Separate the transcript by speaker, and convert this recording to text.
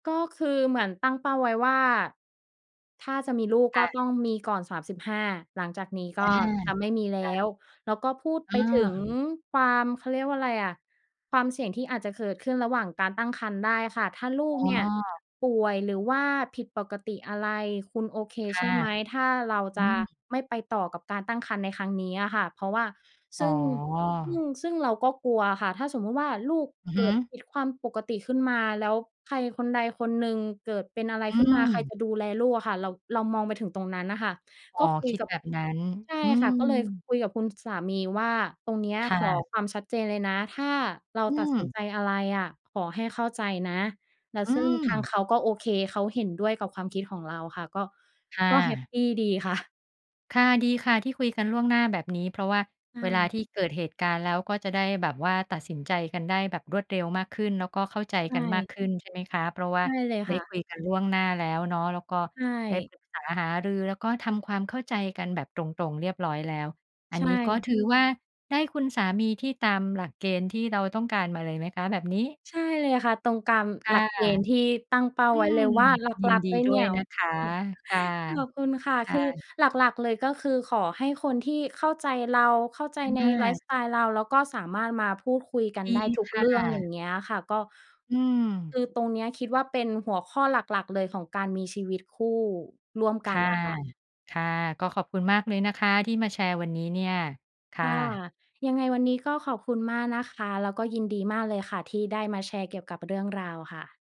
Speaker 1: ก็คือเหมือนตั้งเป้าไว้ว่า ถ้าจะมีลูก
Speaker 2: ค
Speaker 1: ก
Speaker 2: ่
Speaker 1: ็
Speaker 2: ะ
Speaker 1: ต้องมีก่อน 35 หลังจากนี้
Speaker 2: อ
Speaker 1: ก
Speaker 2: า
Speaker 1: ็จะไม่มีแล
Speaker 2: ค่
Speaker 1: ้
Speaker 2: ะ
Speaker 1: ว แล้วก็พูดไป ถึง
Speaker 2: เออ
Speaker 1: ความ เขาเรียกว่าไรอะ ความเสี่ยงที่อาจจะเกิดขึ้นระหว่างการตั้งครรภ์ได้ค่ะ ถ้าลูก
Speaker 2: อ๋
Speaker 1: เนี่ย
Speaker 2: อ
Speaker 1: ป่วย หรือว่าผิดปกติอะไรคุณโอเค
Speaker 2: ค
Speaker 1: ใ
Speaker 2: ่
Speaker 1: ช
Speaker 2: ะ
Speaker 1: ่ไหม ถ้าเรา
Speaker 2: อ
Speaker 1: จ
Speaker 2: ื
Speaker 1: ะ
Speaker 2: ม
Speaker 1: ไม่ไปต่อกับการตั้งครรภ์ในครั้งนี้อะค่ะ เพราะว่า
Speaker 2: อ
Speaker 1: ซ
Speaker 2: ๋
Speaker 1: ึ
Speaker 2: อ
Speaker 1: ่ง ซึ่ง ซึ่งเราก็กลัวค่ะ ถ้าสมมุติว่าลูก
Speaker 2: อือ
Speaker 1: เ
Speaker 2: ฮ
Speaker 1: ก
Speaker 2: ึ
Speaker 1: ิดผิดความปกติขึ้นมา แล้วใครคนใดคนหนึ่งเกิดเป็นอะไร
Speaker 2: อ
Speaker 1: ข
Speaker 2: ื
Speaker 1: ึ้นมา ใคร
Speaker 2: ม
Speaker 1: จะดูแลลูกอะค่ะ เรา เรามองไปถึงตรงนั้นน่ะค่ะ
Speaker 2: อ๋
Speaker 1: ก
Speaker 2: อ
Speaker 1: ็คุ
Speaker 2: ค
Speaker 1: ย
Speaker 2: ิด
Speaker 1: กับ
Speaker 2: แบบนั้น
Speaker 1: ใช่
Speaker 2: อื
Speaker 1: ค่ะ ก็เลย
Speaker 2: ม
Speaker 1: คุยกับคุณ ส สามีว่า ตรงเนี้ย
Speaker 2: ค่
Speaker 1: ขอ
Speaker 2: ะ
Speaker 1: ความชัดเจนเลยนะ ถ้าเรา
Speaker 2: อื
Speaker 1: ตัดสิน
Speaker 2: ม
Speaker 1: ใจอะไรอะ ขอให้เข้าใจนะ แล้ว
Speaker 2: อื
Speaker 1: ซึ่งทางเ
Speaker 2: ม
Speaker 1: ขาก็โอเค เขาเห็นด้วยกับความคิดของเราค่ะ ก็
Speaker 2: ค่
Speaker 1: ก็แฮป
Speaker 2: ะ
Speaker 1: ปีดี ค่ะ
Speaker 2: ค่ะ ดีค่ะที่คุยกันล่วงหน้าแบบนี้ เพราะว่า
Speaker 1: ใช
Speaker 2: เวลา
Speaker 1: ่
Speaker 2: ที่เกิดเหตุการณ์แล้วก็จะได้แบบว่าตัดสินใจกันได้แบบรวดเร็วมากขึ้น แล้วก็เข้าใจ
Speaker 1: ใช
Speaker 2: กันมาก
Speaker 1: ่
Speaker 2: ขึ้นใช่ไหมคะ? เพราะว่
Speaker 1: ใ
Speaker 2: า
Speaker 1: ช่เลย
Speaker 2: ได
Speaker 1: ค
Speaker 2: ้
Speaker 1: ่
Speaker 2: ค
Speaker 1: ะ
Speaker 2: ุยกันล่วงหน้าแล้วเนาะ แล้วก็
Speaker 1: ใช
Speaker 2: ได้
Speaker 1: ่
Speaker 2: ปรึกษาหารือแล้วก็ทำความเข้าใจกันแบบตรง ๆ เรียบร้อยแล้ว อั
Speaker 1: ใช
Speaker 2: นนี้ก็
Speaker 1: ่
Speaker 2: ถือว่าได้คุณสามีที่ตามหลักเกณฑ์ที่เราต้องการมาเลยไหมคะแบบนี้?
Speaker 1: ใช่เลยค่ะ ตรงกาม
Speaker 2: ค
Speaker 1: ห
Speaker 2: ่
Speaker 1: ลั
Speaker 2: ะ
Speaker 1: กเกณฑ์ที่ตั้งเป้า
Speaker 2: อื
Speaker 1: ไว้เล
Speaker 2: ม
Speaker 1: ยว่าหล
Speaker 2: ยิ
Speaker 1: ั
Speaker 2: น
Speaker 1: ก
Speaker 2: ดี
Speaker 1: ๆ เลย
Speaker 2: ด้
Speaker 1: เนี
Speaker 2: ว
Speaker 1: ่
Speaker 2: ย
Speaker 1: ย
Speaker 2: นะคะ ค่ะ
Speaker 1: ขอบคุณค่ะ
Speaker 2: ค
Speaker 1: ค
Speaker 2: ่
Speaker 1: ือ
Speaker 2: ะ
Speaker 1: หลัก ๆ เลย ก็คือขอให้คนที่เข้าใจเรา เข้าใจใน
Speaker 2: อ
Speaker 1: ไลฟ์
Speaker 2: า
Speaker 1: สไตล์เรา แล้วก็สามารถมาพูดคุยกัน
Speaker 2: ดี
Speaker 1: ได้ทุก
Speaker 2: ค
Speaker 1: เ
Speaker 2: ่
Speaker 1: รื่อง อย่
Speaker 2: ะ
Speaker 1: างเงี้ยค่ะ ก็
Speaker 2: อื
Speaker 1: ค
Speaker 2: ม
Speaker 1: ือตรงเนี้ยคิดว่าเป็นหัวข้อหลัก ๆ เลยของการมีชีวิตคู่ร่วม
Speaker 2: ค
Speaker 1: กัน
Speaker 2: ่ะ
Speaker 1: น่ะค่ะ
Speaker 2: ค่ะ ก็ขอบคุณมากเลยนะคะ ที่มาแชร์วันนี้เนี่ย ค
Speaker 1: ค
Speaker 2: ่
Speaker 1: ่ะ
Speaker 2: ะ
Speaker 1: ยังไงวันนี้ก็ขอบคุณมากนะคะ แล้วก็ยินดีมากเลยค่ะ ที่ได้มาแชร์เกี่ยวกับเรื่องราวค่ะ